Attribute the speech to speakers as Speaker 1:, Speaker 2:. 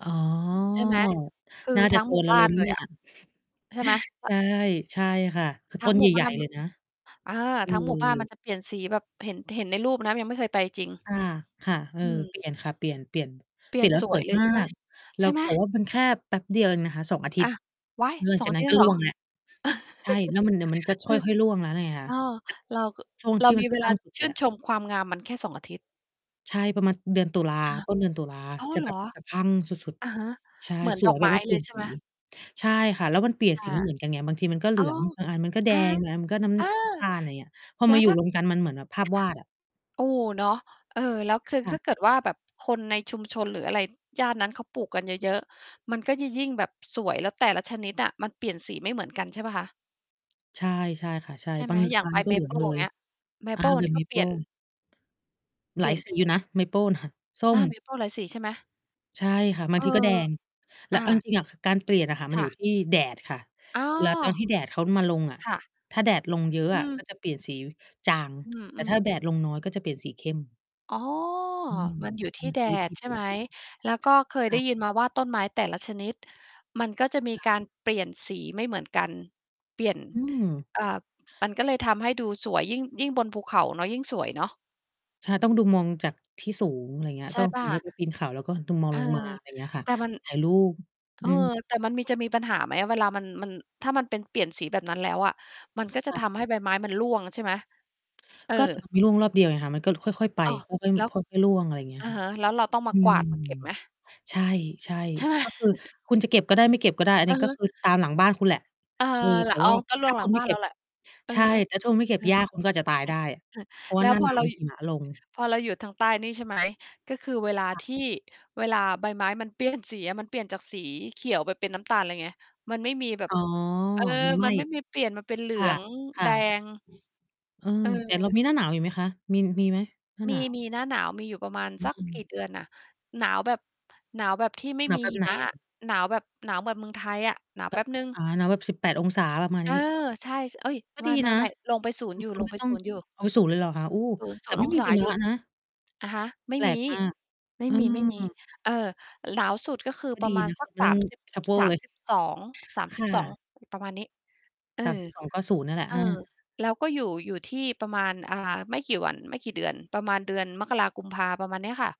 Speaker 1: อ๋อ
Speaker 2: ใช่ไหม คือ
Speaker 1: น่าจ
Speaker 2: ท
Speaker 1: ะ
Speaker 2: ั้ง
Speaker 1: โซ
Speaker 2: หมู่
Speaker 1: นเรา
Speaker 2: บ้
Speaker 1: เ
Speaker 2: า
Speaker 1: ลย
Speaker 2: น
Speaker 1: ไหม
Speaker 2: เล
Speaker 1: เน
Speaker 2: ย
Speaker 1: ี่
Speaker 2: อ
Speaker 1: ย?
Speaker 2: ะ ใช่ไหม? อ
Speaker 1: ใช่ ใช่ค่ะ คือ
Speaker 2: ท
Speaker 1: ต
Speaker 2: ั้
Speaker 1: ้
Speaker 2: ง
Speaker 1: น
Speaker 2: ห
Speaker 1: ใ
Speaker 2: มู่
Speaker 1: ห
Speaker 2: บ
Speaker 1: ญ
Speaker 2: ้
Speaker 1: ่
Speaker 2: าน
Speaker 1: ๆ เลยนะ
Speaker 2: อา
Speaker 1: เอ
Speaker 2: ทั้งหมู่บ้านมัน
Speaker 1: อ
Speaker 2: จะเปลี่ยนสีแบบ เห็น เห็นในรูปนะ ยังไม่เคยไปจริง
Speaker 1: อา ค่ะ เออ
Speaker 2: อือ
Speaker 1: เปลี่ยนค่ะ เปลี่ยน เปลี่ยน
Speaker 2: เป
Speaker 1: เ
Speaker 2: ล
Speaker 1: ป
Speaker 2: ี
Speaker 1: ล
Speaker 2: ่
Speaker 1: ี่
Speaker 2: ย
Speaker 1: ย
Speaker 2: น
Speaker 1: นแล้ว
Speaker 2: ส
Speaker 1: ส
Speaker 2: ว
Speaker 1: ว
Speaker 2: ย
Speaker 1: ย
Speaker 2: เลย
Speaker 1: มา
Speaker 2: ใช่ไหม
Speaker 1: ก แล
Speaker 2: ใ
Speaker 1: ้
Speaker 2: ช่
Speaker 1: ว
Speaker 2: ไหม?
Speaker 1: แต่ว่ามันแค่แป๊บเดียวเองนะคะ 2 อาทิ
Speaker 2: อ
Speaker 1: ตย
Speaker 2: ะ
Speaker 1: ์
Speaker 2: ว๊าย
Speaker 1: หลัง
Speaker 2: ส
Speaker 1: จ
Speaker 2: อ
Speaker 1: า
Speaker 2: ง
Speaker 1: กนั
Speaker 2: จ
Speaker 1: ้น
Speaker 2: ริ
Speaker 1: ก
Speaker 2: ง
Speaker 1: ็
Speaker 2: เห
Speaker 1: ร
Speaker 2: ร
Speaker 1: ่
Speaker 2: อ?
Speaker 1: วงแล้ว ใช่ แล้วมัน เดี๋ยวมันก็ค
Speaker 2: อือ
Speaker 1: ่อย ๆ ร่วงแล้วไงค่ะ
Speaker 2: อ้อ เรา ก
Speaker 1: ช่วง
Speaker 2: เร
Speaker 1: ท
Speaker 2: า
Speaker 1: ี่ม
Speaker 2: ม
Speaker 1: ัน
Speaker 2: ี
Speaker 1: ส
Speaker 2: เ
Speaker 1: ะ
Speaker 2: ว
Speaker 1: พร
Speaker 2: ล
Speaker 1: ั
Speaker 2: า
Speaker 1: ่งสุด เ
Speaker 2: ช
Speaker 1: ล
Speaker 2: ื
Speaker 1: ย
Speaker 2: ่น
Speaker 1: อะ
Speaker 2: ชมความงามมันแค่ 2 อาทิตย์
Speaker 1: ใช่ประมาณเดือนตุลา
Speaker 2: ค่ะ
Speaker 1: ต้นเดือนตุลา
Speaker 2: อ้าว
Speaker 1: จะ
Speaker 2: เหร
Speaker 1: แบบ
Speaker 2: อ
Speaker 1: สะพรั่งสุด
Speaker 2: อะฮะ
Speaker 1: ๆ ใช่
Speaker 2: เหมือน
Speaker 1: ส
Speaker 2: ด
Speaker 1: ว
Speaker 2: อ
Speaker 1: ย
Speaker 2: ก
Speaker 1: แบ
Speaker 2: ไม
Speaker 1: บ
Speaker 2: ้
Speaker 1: ว่าเป
Speaker 2: เ
Speaker 1: ล
Speaker 2: ล
Speaker 1: ี่
Speaker 2: ย
Speaker 1: ยน
Speaker 2: ใช่
Speaker 1: ส
Speaker 2: ไ
Speaker 1: ี
Speaker 2: หม?
Speaker 1: ใช่ค่ะ แล้วมันเปลี่ยน
Speaker 2: อ
Speaker 1: สี
Speaker 2: า
Speaker 1: ไม่เหมือนกันไง บางทีมันก็เหล
Speaker 2: อ
Speaker 1: ื
Speaker 2: ้า
Speaker 1: อง
Speaker 2: ว
Speaker 1: บางอันมันก็แด
Speaker 2: อะฮะ
Speaker 1: ง บางอันก็น้
Speaker 2: เออ
Speaker 1: ำ ตาล อย่างเงี้ย พอ
Speaker 2: แล้
Speaker 1: มา
Speaker 2: ว
Speaker 1: อยู
Speaker 2: ถ
Speaker 1: ่
Speaker 2: ้า
Speaker 1: รวมกันมันเหมือนแบบภาพ
Speaker 2: ค
Speaker 1: ว
Speaker 2: ่ะ
Speaker 1: าดอะ
Speaker 2: โอ้โฮ เนาะ เออ แล้วคือ
Speaker 1: ค่
Speaker 2: ถ
Speaker 1: ะ
Speaker 2: ้าเกิดว่าแบบคนในชุมชน หรืออะไรย่านนั้น เขาปลูกกันเยอะ ๆ มันก็ยิ่ง ยิ่งแบบสวย แล้วแต่ละชนิดอะมันเปลี่ยนสีไม่เหมือนกันใช่เปล่าคะ?
Speaker 1: ใช่ ใช่ค่ะ ใช่
Speaker 2: ใช่ไ
Speaker 1: บ
Speaker 2: ห
Speaker 1: า
Speaker 2: ม
Speaker 1: ง
Speaker 2: อย่า
Speaker 1: ร
Speaker 2: ง
Speaker 1: ้า
Speaker 2: ใบ
Speaker 1: น ก็
Speaker 2: เม
Speaker 1: เหลื
Speaker 2: เป
Speaker 1: อง
Speaker 2: ิล
Speaker 1: เล
Speaker 2: อย่าง
Speaker 1: ย
Speaker 2: เงี้ย เม
Speaker 1: อ่
Speaker 2: เ
Speaker 1: า
Speaker 2: ปิล
Speaker 1: แบบเม
Speaker 2: ก็ เ
Speaker 1: เ
Speaker 2: ป
Speaker 1: ป
Speaker 2: ลี่
Speaker 1: ิ
Speaker 2: ยน
Speaker 1: ล
Speaker 2: เป
Speaker 1: หล
Speaker 2: ล
Speaker 1: า
Speaker 2: ี่
Speaker 1: ย
Speaker 2: ยน
Speaker 1: ส
Speaker 2: เป
Speaker 1: ี
Speaker 2: ็น
Speaker 1: อยู่นะ เมเปิล น่ะ ส้
Speaker 2: อา เม
Speaker 1: ม
Speaker 2: เปิลหลายสีใช่ไหม?
Speaker 1: ใช่ค่ะ บา
Speaker 2: เอ
Speaker 1: งท
Speaker 2: อ
Speaker 1: ีก็แดง แล
Speaker 2: อ
Speaker 1: ้ว
Speaker 2: า
Speaker 1: เอาจริง ๆ อะการเปลี่ยนอะค่ะมั
Speaker 2: ค
Speaker 1: นอย
Speaker 2: ่
Speaker 1: ู่
Speaker 2: ะ
Speaker 1: ที่แดดค่ะ
Speaker 2: อ๋อ
Speaker 1: เวลาตอนที่แดดเขามาลงอะ
Speaker 2: ค่ะ
Speaker 1: ถ้าแดดลงเยอะ
Speaker 2: อื
Speaker 1: อะ
Speaker 2: ม
Speaker 1: ก็จะเปลี่ยนสีจาง
Speaker 2: อ
Speaker 1: แต่
Speaker 2: ื
Speaker 1: ถ
Speaker 2: อ
Speaker 1: ้า
Speaker 2: ๆ
Speaker 1: แดดลงน้อยก็จะเปลี่ยนสีเข้ม
Speaker 2: อ๋อ
Speaker 1: อืม
Speaker 2: มันอยู่ท
Speaker 1: มั
Speaker 2: ี่
Speaker 1: น
Speaker 2: แ
Speaker 1: ค
Speaker 2: ด
Speaker 1: ือวิธ
Speaker 2: ด
Speaker 1: ี
Speaker 2: ใ
Speaker 1: เ
Speaker 2: ช
Speaker 1: ป
Speaker 2: ่
Speaker 1: ลี่ย
Speaker 2: ไ
Speaker 1: น
Speaker 2: หม?
Speaker 1: สี
Speaker 2: แล้วก็เคย
Speaker 1: ค
Speaker 2: ได
Speaker 1: ่
Speaker 2: ้
Speaker 1: ะ
Speaker 2: ยินมาว่าต้นไม้แต่ละชนิด มันก็จะมี
Speaker 1: จ้ะ
Speaker 2: การเปลี่ยนสีไม่เหมือนกัน เปลี่ยน
Speaker 1: อืม
Speaker 2: อ่า มันก็เลยทำให้ดูสวย ยิ่ง ยิ่งบนภูเขาเนาะ ยิ่งสวยเนาะ
Speaker 1: ใช่ ต้องดู มองจากที่สูง อะไรเงี้ย
Speaker 2: ใช
Speaker 1: ต
Speaker 2: ่
Speaker 1: ้อง
Speaker 2: เป
Speaker 1: อ
Speaker 2: ล
Speaker 1: ย
Speaker 2: ่
Speaker 1: ่
Speaker 2: า?
Speaker 1: างเงี้ย ไปปีนเขา แล้วก็ดู มอง
Speaker 2: เออ
Speaker 1: ลงมา อะไรเงี้ยค่ะ
Speaker 2: แต่มัน
Speaker 1: ถ่ายรูป
Speaker 2: เอ
Speaker 1: อื
Speaker 2: อ
Speaker 1: ม
Speaker 2: แต่มันมี จะมีปัญหาไหม? เวลามัน มัน ถ้ามันเป็นเปลี่ยนสีแบบนั้นแล้วอะ มันก็จ
Speaker 1: ค
Speaker 2: ะ
Speaker 1: ่ะ
Speaker 2: ทำให้ใบไม้มันร่วงใช่ไหม? เออ
Speaker 1: ก็ แต่มันไม่ร่วงรอบเดียวไง มันก็ค่อย ๆ ไป
Speaker 2: อ้อ
Speaker 1: ค่อย
Speaker 2: แล้ว
Speaker 1: ๆ ค่อย ๆ ร่วง อะไรอย่างเงี้ย
Speaker 2: อะ
Speaker 1: ค่ะ
Speaker 2: ฮะ แล้วเราต้องม
Speaker 1: อ
Speaker 2: า
Speaker 1: ื
Speaker 2: กว
Speaker 1: ม
Speaker 2: าดเก็บไหม?
Speaker 1: ใช่ ใช่
Speaker 2: ใช่
Speaker 1: ก็คือคุณจะเก็บก็ได้ ไม่เก็บก็ได้ อัน
Speaker 2: อ
Speaker 1: น
Speaker 2: ื
Speaker 1: ี้
Speaker 2: อ
Speaker 1: ก
Speaker 2: ฮ
Speaker 1: ็
Speaker 2: ึ
Speaker 1: คือตามหลังบ้านคุณแหละ
Speaker 2: เออ
Speaker 1: เออแ
Speaker 2: ล
Speaker 1: ต่
Speaker 2: อ๋
Speaker 1: ว
Speaker 2: อ
Speaker 1: ่า
Speaker 2: ก็ร่
Speaker 1: ถ้
Speaker 2: วง
Speaker 1: า
Speaker 2: หล
Speaker 1: ค
Speaker 2: ั
Speaker 1: ุ
Speaker 2: ง
Speaker 1: ณไ
Speaker 2: บ
Speaker 1: ม่
Speaker 2: ้าน
Speaker 1: เก
Speaker 2: เร
Speaker 1: ็
Speaker 2: า
Speaker 1: บ
Speaker 2: แหละ อื
Speaker 1: ใ
Speaker 2: อ
Speaker 1: ช่
Speaker 2: ฮึ
Speaker 1: แต่ถ้าคุณไม่เก็
Speaker 2: เ
Speaker 1: บ
Speaker 2: ออ
Speaker 1: หญ้าคุณก็อาจจะตาย
Speaker 2: อื
Speaker 1: ไ
Speaker 2: อ
Speaker 1: ด้
Speaker 2: อือ
Speaker 1: เพราะว
Speaker 2: แ
Speaker 1: ่
Speaker 2: ล
Speaker 1: า
Speaker 2: ้
Speaker 1: ห
Speaker 2: ว
Speaker 1: น้า
Speaker 2: พ
Speaker 1: ห
Speaker 2: อ
Speaker 1: นาว
Speaker 2: เรา
Speaker 1: มันหิมะลง
Speaker 2: พอเราอยู่ทางใต้นี่ ใช่ ไหม ก็คือเวลา
Speaker 1: ค่ะ
Speaker 2: ที่ เวลาใบไม้มัน เปลี่ยน สีอะ มันเปลี่ยนจากสีเขียวไปเป็นน้ำตาลเลยไง มันไม่มีแบ
Speaker 1: อ
Speaker 2: บ
Speaker 1: ๋อ
Speaker 2: เออ
Speaker 1: มันไหม
Speaker 2: มั
Speaker 1: ้
Speaker 2: นไม่มีเปลี่ยนมาเป็นเหลื
Speaker 1: ค่ะ
Speaker 2: อง
Speaker 1: ค่
Speaker 2: แด
Speaker 1: ะ
Speaker 2: ง
Speaker 1: เออ
Speaker 2: เออ
Speaker 1: แต่เรามีหน้าหนาวอยู่ไหมคะ มี มีไหม หน้า
Speaker 2: ม
Speaker 1: หน
Speaker 2: ี
Speaker 1: าว?
Speaker 2: มี หน้าหนาวมีอยู่ประมาณ
Speaker 1: อื
Speaker 2: สักกี
Speaker 1: ม
Speaker 2: ่เดือนอะ หนาวแบบ หนาวแบบที่ไม่
Speaker 1: หนา
Speaker 2: ม
Speaker 1: ว
Speaker 2: ี
Speaker 1: แบ
Speaker 2: ห
Speaker 1: บ
Speaker 2: ิ
Speaker 1: ไหน
Speaker 2: มะ
Speaker 1: อ
Speaker 2: อ
Speaker 1: ะ?
Speaker 2: ะ หนาวแบบหนาวแบบเมืองไทยอะ หนาว
Speaker 1: แบ
Speaker 2: แป๊
Speaker 1: บ
Speaker 2: บหนึ่ง
Speaker 1: อา หนาวแบบ 18° ประมาณ
Speaker 2: เอ
Speaker 1: น
Speaker 2: อ
Speaker 1: ี้
Speaker 2: ใช่ ช เอ๊ย!
Speaker 1: ก็
Speaker 2: ไ
Speaker 1: ดีนะ
Speaker 2: ม่ ๆ ๆ ลงไป ศูน
Speaker 1: อ
Speaker 2: ย
Speaker 1: ื
Speaker 2: ์
Speaker 1: ม
Speaker 2: อยู่
Speaker 1: คุณ
Speaker 2: ลง
Speaker 1: ไม
Speaker 2: ไ
Speaker 1: ่
Speaker 2: ป
Speaker 1: ต้อ
Speaker 2: ศ
Speaker 1: ง
Speaker 2: ูนย์ อยู่
Speaker 1: อ้าว 0 เลยหรอคะ โอ้
Speaker 2: 0-
Speaker 1: แ
Speaker 2: ศ
Speaker 1: ต
Speaker 2: ู
Speaker 1: ่
Speaker 2: น
Speaker 1: ไ
Speaker 2: ย
Speaker 1: ม
Speaker 2: ์
Speaker 1: ่
Speaker 2: อง
Speaker 1: มี
Speaker 2: ศ
Speaker 1: ห
Speaker 2: า
Speaker 1: ิม
Speaker 2: อย
Speaker 1: ะ
Speaker 2: ู่
Speaker 1: นะ
Speaker 2: อะฮะ ไม่
Speaker 1: แปล
Speaker 2: ม
Speaker 1: ก
Speaker 2: ี
Speaker 1: มาก
Speaker 2: ไม่
Speaker 1: เอ
Speaker 2: มี
Speaker 1: อ
Speaker 2: ๆ เออ หลาวสุดก็คือ
Speaker 1: ก็
Speaker 2: ปร
Speaker 1: ด
Speaker 2: ะ
Speaker 1: ี
Speaker 2: มาณ
Speaker 1: นะ
Speaker 2: ส
Speaker 1: ไ
Speaker 2: ั
Speaker 1: ม
Speaker 2: ก
Speaker 1: ่ต
Speaker 2: ส
Speaker 1: ้อ
Speaker 2: า
Speaker 1: ง
Speaker 2: มสิบ
Speaker 1: ตาโก
Speaker 2: สา
Speaker 1: เล
Speaker 2: ม
Speaker 1: ย
Speaker 2: สิบสอง สาม
Speaker 1: ค
Speaker 2: สิบ
Speaker 1: ่
Speaker 2: สอง
Speaker 1: ะ
Speaker 2: ประมาณนี้ เอ
Speaker 1: สาม
Speaker 2: อ
Speaker 1: สิบสอง ก็ 0 เนี่ยแหละ
Speaker 2: เ
Speaker 1: เ
Speaker 2: อ
Speaker 1: อ
Speaker 2: อ
Speaker 1: อ
Speaker 2: แล้วก็อยู่ อยู่ที่ประมาณ อ่า ไม่กี่วัน ไม่กี่เดือน ประมาณเดือนมกรา-กุมภา ประมาณเนี้ยค่ะ